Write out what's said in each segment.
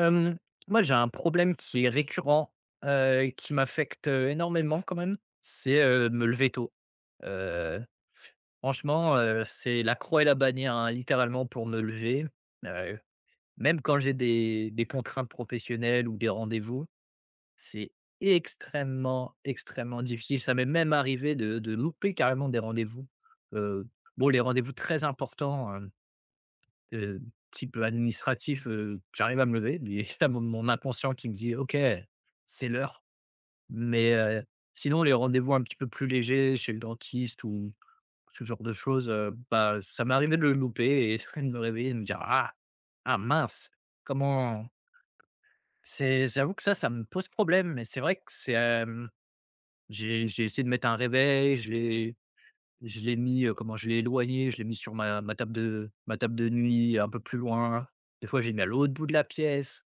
Hem, moi, j'ai un problème qui est récurrent, heu, qui m'affecte énormément quand même, c'est, heu, me lever tôt, heu, franchement, heu, c'est la croix et la bannière, hein, littéralement pour me lever, heu, même quand j'ai des des contraintes professionnelles ou des rendez-vous, c'est extrêmement, extrêmement difficile, ça m'est même arrivé de de louper carrément des rendez-vous, heu, bon les rendez-vous très importants, hem, heu, type, heu, administratif, heu, j'arrive à me lever. Mais il y a mon mon inconscient qui me dit: «OK, c'est l'heure». Mais, heu, sinon, les rendez-vous un petit peu plus légers, chez le dentiste ou ou ce genre de choses, heu, bah, ça m'est arrivé de le louper et de me réveiller de me dire: «Ah, ah mince!», comment c'est j'avoue que ça, ça me pose problème mais c'est vrai que c'est, hem, j'ai j'ai essayé de mettre un réveil je l'ai je l'ai mis, heu, comment je l'ai éloigné. Je l'ai mis sur ma ma table de ma table de nuit, un peu plus loin. Des fois, j'ai mis à l'autre bout de la pièce,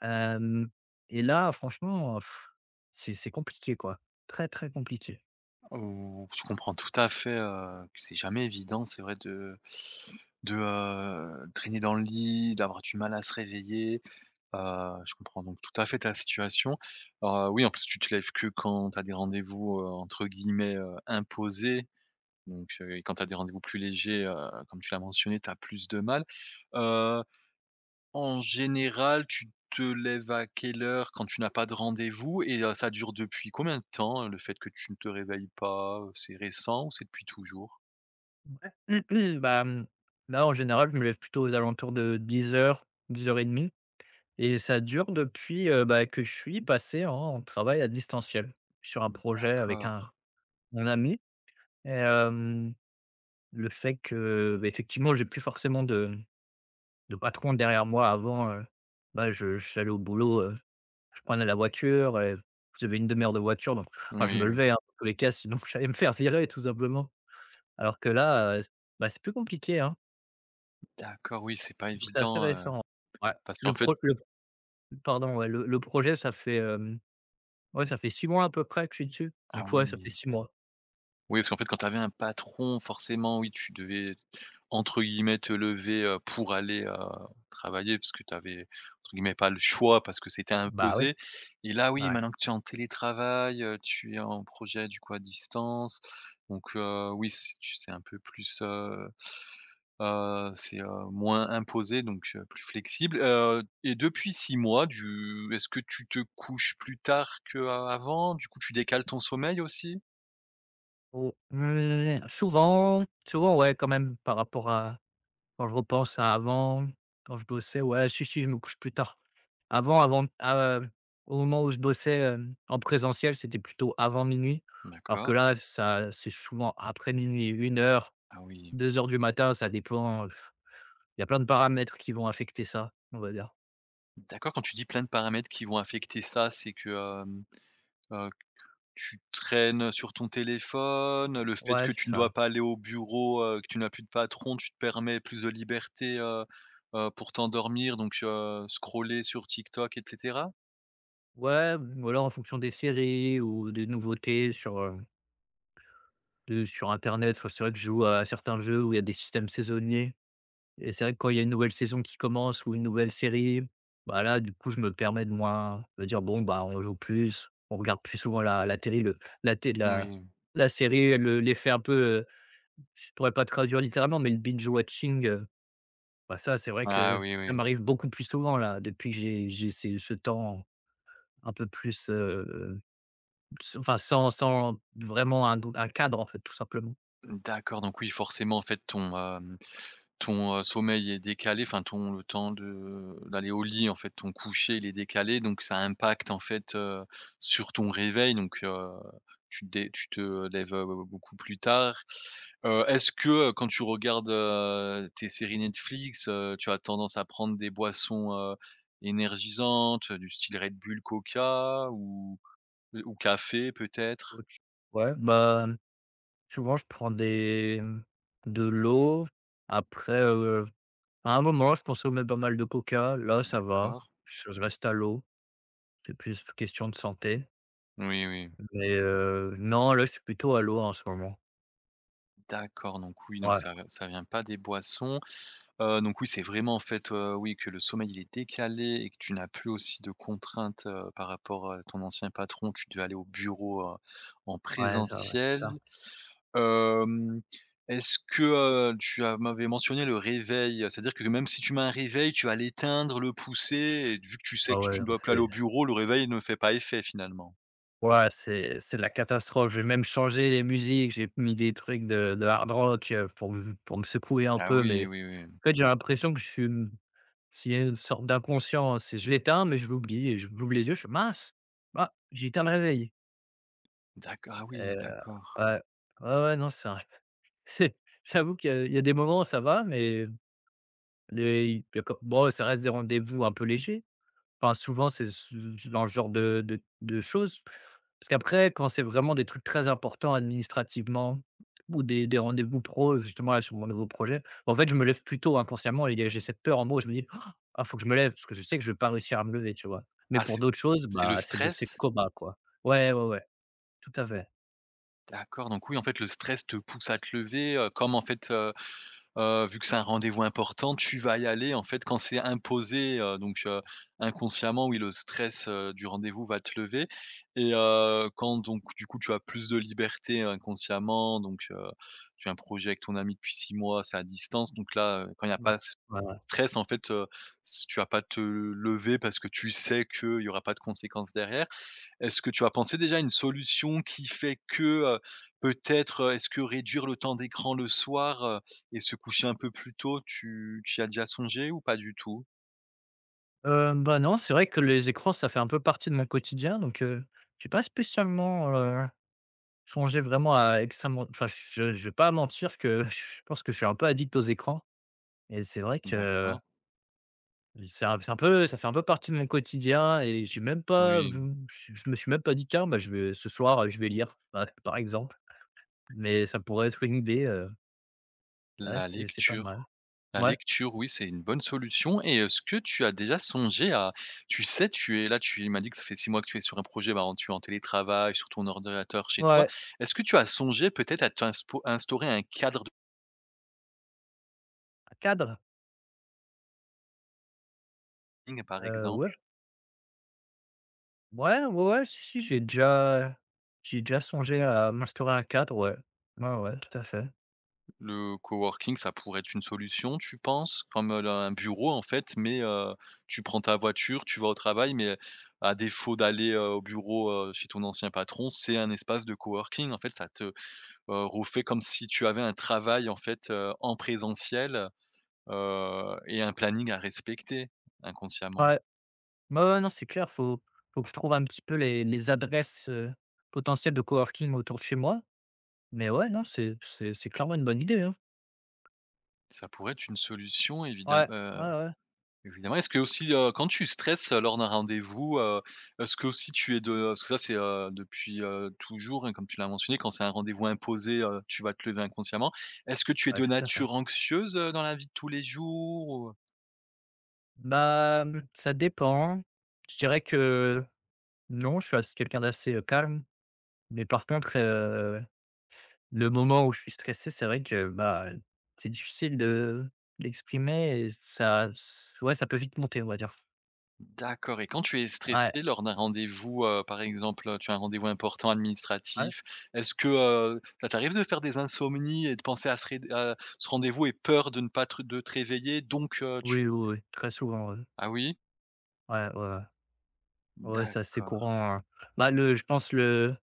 hem, et là, franchement, pff! C'est c'est compliqué quoi, très, très compliqué. Ou je comprends tout à fait, heu, que c'est jamais évident, c'est vrai de de, heu, traîner dans le lit, d'avoir du mal à se réveiller, heu, je comprends donc tout à fait ta situation. Alors, oui, en plus tu te lèves que quand tu as des rendez-vous, heu, entre guillemets, heu, «imposés», donc, heu et quand tu as des rendez-vous plus légers, heu, comme tu l'as mentionné, tu as plus de mal, heuu, en général, tu te lèves à quelle heure quand tu n'as pas de rendez-vous? Et heu, ça dure depuis combien de temps, heu, le fait que tu ne te réveilles pas? Heu, c'est récent ou c'est depuis toujours? Ouais. Bah, mmh, là, en général, je me lève plutôt aux alentours de 10:00-10:30 et ça dure depuis, heu, bah, que je suis passé en travail à distanciel. Sur un Hem, projet avec un d'accord. mon ami et hem, le fait que, ben, effectivement j'ai plus forcément de de patron derrière moi avant, heu, ben je j'allais au boulot, heu, je prenais la voiture et j'avais une 1/2 heure de voiture, donc, enfin je Oui, me oui. levais, hein, dans tous les cas, sinon j'allais me faire virer tout simplement. Alors que là, heu, c ben, c'est plus compliqué, hein. D'accord, oui, c'est pas Donc c'est assez évident, heu, récent. Ouais. parce Le qu'en fait pro le pro pardon, ouais, le le projet ça fait, hem, ouais ça fait 6 mois, à peu près, que je suis dessus. Ah Donc ouais ça fait oui. 6 mois. Oui, parce qu'en fait, quand tu avais un patron, forcément, oui, tu devais, entre guillemets «te lever, heu, pour aller, heu, travailler» parce que tu avais entre guillemets, «pas le choix» parce que c'était Bah ouais. imposé et là, oui, Ouais. maintenant que tu es en télétravail, heu, tu es en projet du coup, à distance, donc, heu, oui, c'est tu c'est un peu plus, heu, heu, c'est, heu, moins imposé, donc, heu, plus flexible, heu et depuis 6 mois, du est-ce que tu te couches plus tard qu'av avant? Du coup tu décales ton sommeil aussi? Au mmh, souvent souvent. Ouais quand même par rapport à quand je repense à avant, quand je bossais. Ouais, si, si, je me couche plus tard. Avant avant, heu, au moment où je bossais, hem, en présentiel, c'était plutôt avant 00:00, alors que D'accord. là ça c'est souvent après minuit-une heure-deux Ah oui. heures du matin, ça dépend, heu, f il y a plein de paramètres qui vont affecter ça, on va dire. D'accord, quand tu dis plein de paramètres qui vont affecter ça, c'est que, hem, heu, qu tu traînes sur ton téléphone, le fait Ouais, que c'est tu ne dois ça. pas aller au bureau, heu, que tu n'as plus de patron, tu te permets plus de liberté, heu, heu, pour t'endormir donc, heu, scroller sur TikTok et cetera? Ouais, mmh, voilà, en fonction des séries ou des nouveautés sur heu heu, sur internet, enfin c'est vrai que je joue à certains jeux où il y a des systèmes saisonniers et c'est vrai que quand il y a une nouvelle saison qui commence ou une nouvelle série, bah, là du coup je me permets de moi de dire: «Bon bah on joue plus, on regarde plus souvent la la télé, le la té la Moui. la série», le l'effet un peu, heu, je pourrais pas traduire littéralement, mais le binge watching, heu, bah, ça c'est vrai Ah que oui, ça oui. m'arrive beaucoup plus souvent là depuis, que j'ai j'ai ces ce temps un peu plus, heu, heu, ce enfin sans sans vraiment un don un cadre en fait, tout simplement. D'accord, donc oui forcément en fait ton, hem, ton, heu, sommeil est décalé, enfin ton temps de d'aller au lit, en fait ton coucher, il est décalé. Donc ça impacte en fait, heu, sur ton réveil donc, heu, tu te dé tu te lèves, heu, beaucoup plus tard. Heu, est-ce que, heu, quand tu regardes, heu, tes séries Netflix, heu, tu as tendance à prendre des boissons, heu, énergisantes du style Red Bull, Coca ou, heu, ou café peut-être? [unintelligible] Ouais bah, mmh souvent je prends des, mmh, de l'eau. Après, heu, à un moment je consommais pas mal de Coca, là ça va, D'accord. je reste à l'eau. C'est plus question de santé. Oui, oui. Mais, heu, non, là c'est plutôt à l'eau en ce moment. D'accord, donc oui, donc Ouais. ça v ça vient pas des boissons. Heu, donc oui, c'est vraiment, en fait, heu, oui, que le sommeil il est décalé et que tu n'as plus aussi de contraintes, heu, par rapport à ton ancien patron, tu devais aller au bureau, heu, en Ouais, ça ouais, c'est ça. présentiel. Hem, est-ce que, heu, tu as m'avais mentionné le réveil, c'est-à-dire que l même si tu mets un réveil, tu vas l'éteindre, le pousser et d vu que tu sais Ah, que ouais, tu ne non, dois plus aller au c'est bureau le réveil ne fait pas effet finalement. Ouais c'est c'est la catastrophe. Je vais même changer les musiques, j'ai mis des trucs de de hard rock pour m pour me secouer un Ah, peu, oui, mais oui, oui. en fait, j'ai l'impression que je suis, hem s'il y a une sorte d'inconscience, je l'éteins, mais je l'oublie, et j'ou j'ouvre les yeux, je fais: «Mince, bah, j'ai éteint le réveil». D'accord, ah Et heu, oui, d'accord. ouais. Ouais, ouais, non c'est un c'est j'avoue qu'il y a il y a des moments ça va, mais les y il y a co bon, ça reste des rendez-vous un peu légers enfin, souvent c'est ce ce dans le genre de de de choses parce qu'après, quand c'est vraiment des trucs très importants, administrativement, ou des des rendez-vous pros, justement là, sur mon nouveau projet, bah, en fait, je me lève plus tôt inconsciemment et il y a j'ai cette peur en moi où je me dis: «Ah, il faut que je me lève!» parce que je sais que je vais pas réussir à me lever, tu vois? Mais Ah pour c'est d'autres choses c'est le bah, c'est le stress? c'est le coma quoi, ouais, ouais, ouais, tout à fait. D'accord, donc oui en fait le stress te pousse à te lever, heu, comme en fait, heu, heu, vu que c'est un rendez-vous important tu vas y aller en fait quand c'est imposé. Heu, donc, heu, inconsciemment oui le stress, heu, du rendez-vous va te lever et heu, quand donc du coup tu as plus de liberté inconsciemment donc, heu, tu as un projet avec ton ami depuis 6 mois, c'est à distance donc là, heu, quand il y a Bah. pas ce s [unintelligible] stress en fait, heu, si tu vas pas te lever parce que tu sais qu'il y aura pas de conséquences derrière. Est-ce que tu as pensé déjà à une solution qui fait que, heu, peut-être, heu, est-ce que réduire le temps d'écran le soir, heu, et se coucher un peu plus tôt, tu tu y as déjà songé ou pas du tout? Hem, bah, non, c'est vrai que les écrans, ça fait un peu partie de mon quotidien, donc, heu, j'ai pas spécialement, heu, songé vraiment à extrêmement, enfin je je vais pas mentir que je pense que je suis un peu addict aux écrans. Et c'est vrai que D'accord. i c'est un c'est un peu ça fait un peu partie de mon quotidien et j'ai même pas Oui. vou je me suis même pas dit: «Tiens, bah, je vais ce soir je vais lire», ouais, par exemple. Mais ça pourrait être une idée, heu ouais, La c'est c'est pas mal, lecture, la ouais. lecture, oui c'est une bonne solution et est-ce que tu as déjà songé à tu sais, tu es là tu m'as dit que ça fait 6 mois que tu es sur un projet, bah, en tu es en télétravail sur ton ordinateur chez toi, Ouais. est-ce que tu as songé peut-être à t'inspo à instaurer un cadre de Un cadre? [unintelligible] par Heu, ouais. exemple? Ouais, ouais, ouais, si, si, j'ai déjà j'ai déjà songé à m'instaurer un cadre, ouais. Ouais, ouais, ouais, tout à fait. Le coworking, ça pourrait être une solution, tu penses? Comme là un bureau, en fait, mais heu, tu prends ta voiture, tu vas au travail, mais heu, à défaut d'aller, heu, au bureau, heu, chez ton ancien patron, c'est un espace de coworking. En fait, ça te, heu, refait comme si tu avais un travail, en fait, heu, en présentiel. Heu, et un planning à respecter, inconsciemment. Ouais. Ouais, ouais, non, c'est clair, il faut il faut que je trouve un petit peu les les adresses, heu, potentielles de coworking autour de chez moi, mais ouais, non, c'est c'est c'est clairement une bonne idée, hein. Ça pourrait être une solution évidem Ouais. heu, Ouais, ouais. évidemment, est-ce qu'aussi, heu, quand tu stresses, heu, lors d'un rendez-vous, heu, est-ce qu'aussi tu es de parce que ça, c'est, heu, depuis, heu, toujours, hein, comme tu l'as mentionné, quand c'est un rendez-vous imposé, heu, tu vas te lever inconsciemment. Est-ce que tu es Ouais, de tout à fait. nature anxieuse, heu, dans la vie de tous les jours ou heu? Ben. Ça dépend, je dirais que non, je suis assez quelqu'un d'assez, heu, calme, mais par contre, heu, le moment où je suis stressé, c'est vrai que, ben, c'est difficile de d'exprimer et ça, ç ouais, ça peut vite monter, on va dire. D'accord, et quand tu es Ouais. stressé lors d'un rendez-vous, heu. Par exemple, heu, tu as un rendez-vous important Ouais. administratif, est-ce que, heu, ça t'arrive de faire des insomnies, et de penser à ce réd heu, à ce rendez-vous, et peur de ne pas te de te réveiller, donc heu, tu Oui, oui, oui. Très souvent, ouais. Ah oui. Ouais, ouais, ouais. Ouais, c'est assez D'accord. courant, hein. Bah, le je pense le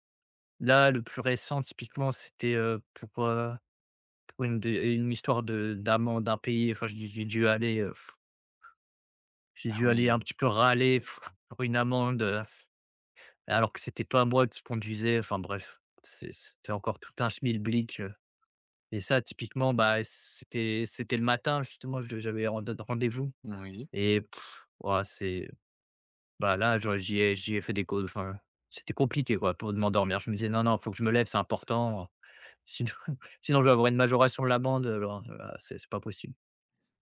là, le plus récent, typiquement, c'était, heu, pour, heu, pour une d une histoire de d'amende impayée. Enfin, j'ai dû j'ai dû aller, heu j'ai Ah dû aller un oui. petit peu râler, pour une amende, heu, alors que c'était pas moi qui conduisais. Enfin bref, c'est c'était encore tout un schmilblick, heu, et ça, typiquement, bah c c'était c'était le matin justement, je j'avais rend rendez-vous Oui. et. Ouah, c'est ben là, j'aurais j'y ai j'y ai fait des cau enfin, c'était compliqué quoi, pour m'endormir. Je me disais: «Non, non faut que je me lève, c'est important, heu. Sinon, sinon je vais avoir une majoration de l'amende, alors, heu, c'est c'est pas possible.»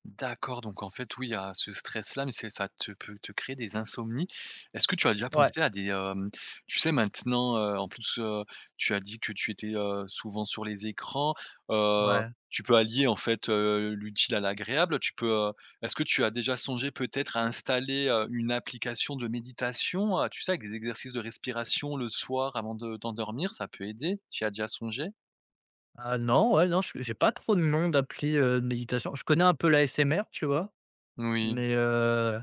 Mmh, d'accord, donc en fait, oui, il y a ce stress-là, mais c'est ça te peut te créer des insomnies. Est-ce que tu as déjà Ouais. pensé à des, hem, tu sais maintenant, heu, en plus, heu, tu as dit que tu étais, heu, souvent sur les écrans, heu, Ouais. tu peux allier en fait, heu, l'utile à l'agréable, tu peux, heu est-ce que tu as déjà songé peut-être à installer, heu, une application de méditation, heu, tu sais avec des exercices de respiration le soir avant de t'endormir, ça peut aider, tu y as déjà songé? Ah, non, ouais, non, je j'ai pas trop de noms d'appli, heu, de méditation. Je connais un peu l'ASMR, tu vois? Moui. Mais, heu,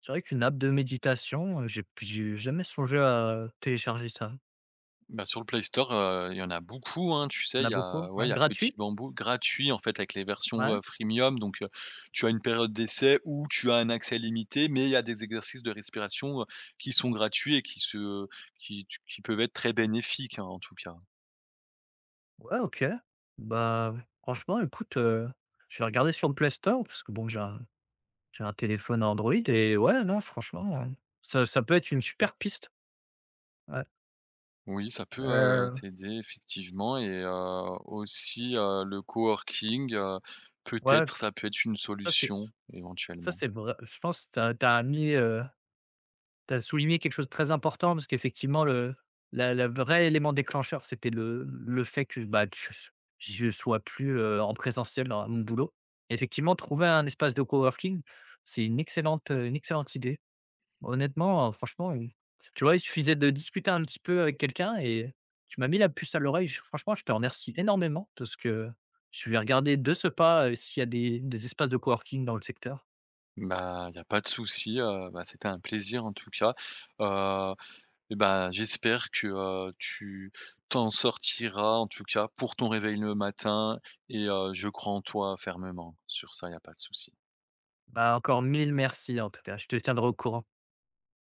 c'est vrai qu'une app de méditation, heu, j'ai p j'ai jamais songé à télécharger ça. Bah, sur le Play Store, heu, il y en a beaucoup, hein, tu En sais, a il y beaucoup, a ouais, ouais, il y a Petit gratuit? BamBou gratuit, en fait avec les versions, Ouais. heu, freemium, donc, heu, tu as une période d'essai ou tu as un accès limité, mais il y a des exercices de respiration, heu, qui sont gratuits et qui se qui tu qui peuvent être très bénéfiques, hein, en tout cas. Ouais, OK. Bah, franchement, écoute, heu, je vais regarder sur le Play Store parce que bon j'ai un j'ai un téléphone Android et ouais non franchement, heu, ça ça peut être une super piste! Ouais. Oui, ça peut, heu, Heu t'aider effectivement et, heu, aussi, heu, le coworking, heu, Ouais, peut-être ça peut être une ça c'est ce solution, ça éventuellement. c'est vrai je pense tu as tu as mis, heu, tu as souligné quelque chose très important parce qu'effectivement le la la vrai élément déclencheur, c'était le le fait que, bah, tu che ch je sois plus, heu, en présentiel dans mon boulot. Effectivement, trouver un espace de coworking c'est une excellente, heu, une excellente idée. Honnêtement, heu, franchement, heu, tu vois il suffisait de discuter un petit peu avec quelqu'un et heu, tu m'as mis la puce à l'oreille. J franchement je te remercie énormément, de ce que je vais regarder de ce pas, heu, s'il y a des des espaces de coworking dans le secteur. Bah, il y a pas de souci, heu, bah, c'était un plaisir en tout cas. Heu, et ben, j'espère que, heu, tu t'en sortiras en tout cas pour ton réveil le matin et heu, je crois en toi fermement. Sur ça, il y a pas de souci. Bah, encore mille mercis en tout cas, je te tiendrai au courant.